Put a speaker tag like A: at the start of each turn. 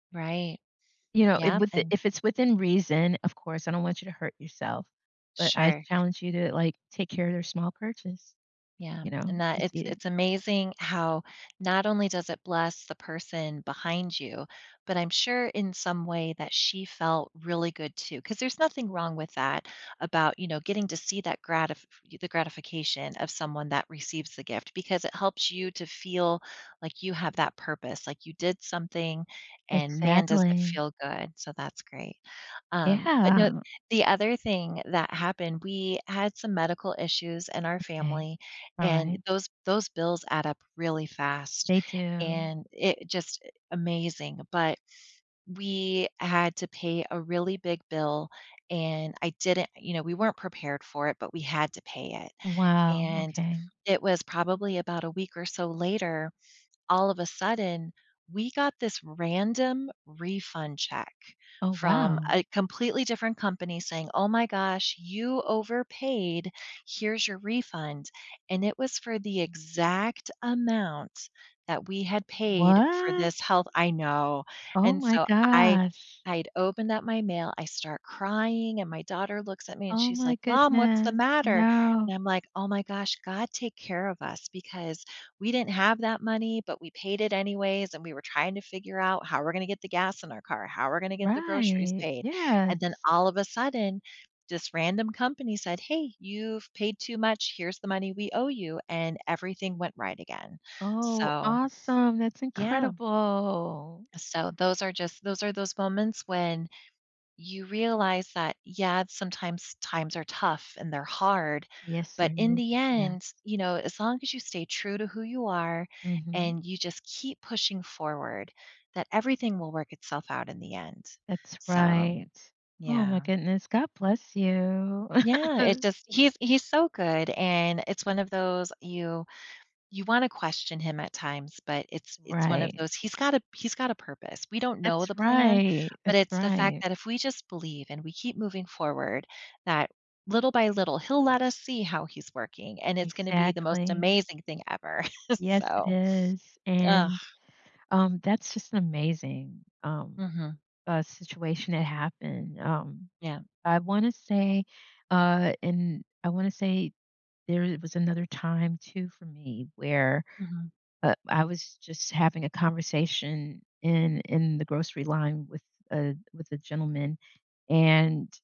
A: Right.
B: You know, if
A: Yeah,
B: with
A: and
B: if it's within reason, of course, I don't want you to hurt yourself, but I
A: Sure.
B: challenge you to, like, take care of small purchase,
A: Yeah,
B: you know,
A: and
B: if you
A: that it's
B: see it.
A: it's amazing how not only does it bless the person behind you, but I'm sure in some way that she felt really good too 'cause there's nothing wrong with that about, you know, getting to see that gratif the gratification of someone that receives the gift because it helps you to feel like you have that purpose, like you did something and man, does it
B: Exactly.
A: feel good, so that's great. Um, but, no,
B: Yeah.
A: the other thing that happened, we had some medical issues in our
B: Okay.
A: family and
B: Alright.
A: those those bills add up really fast
B: They do.
A: and it just i amazing, but we had to pay a really big bill and I didn't you know, we weren't prepared for it, but we had to pay it.
B: Wow,
A: And
B: okay.
A: it was probably about a week or so later, all of a sudden, we got this random refund check
B: Oh,
A: from
B: wow.
A: a completely different company saying, "Oh my gosh, you overpaid, here's your refund." And it was for the exact amount that we had paid for
B: What?
A: this health I know.
B: Oh
A: And
B: my
A: so I
B: gosh.
A: I'd opened up my mail, I start crying, and my daughter looks at me, and
B: Oh
A: she's
B: my
A: like, "Mom, what's the
B: goodness.
A: matter?"
B: No.
A: and I'm like, "Oh my gosh." God take care of us because we didn't have that money, but we paid it anyways, and we were trying to figure out how we're gonna get the gas in our car, how we're gonna get the groceries
B: Right.
A: paid. And then
B: Yes.
A: all of a sudden, this random company said, "Hey, you've paid too much, here's the money we owe you," and everything went right again.
B: Oh,
A: So,
B: awesome, that's
A: yeah.
B: incredible.
A: So those are just those are those moments when you realize that, yeah, sometimes times are tough and they're hard,
B: Yes,
A: but
B: there
A: in
B: is
A: the
B: that.
A: end, you know, as long as you stay true to who you are
B: Mhm.
A: and you just keep pushing forward, that everything will work itself out in the end
B: That's
A: so,
B: right. Oh my
A: yeah.
B: goodness, God bless you.
A: Yeah, it does he's he's so good, and it's one of those you you wanna question him at times, but it's it's one of
B: Right.
A: those he's got a he's got a purpose. We don't know
B: That's
A: the plan,
B: right,
A: but
B: that's
A: it's the fact
B: right.
A: that if we just believe and we keep moving forward, that little by little, he'll let us see how he's working, and it's gonna be the most
B: Exactly.
A: amazing thing ever.
B: Yes, it
A: So
B: is.
A: ugh.
B: And, um, that's just an amazing, um,
A: Mhm.
B: uh, situation that happened, um,
A: Yeah.
B: I wanna say, uh, and I wanna say there was another time too for me where,
A: Mhm.
B: uh, I was just having a conversation in in the grocery line with, uh, with a gentleman, and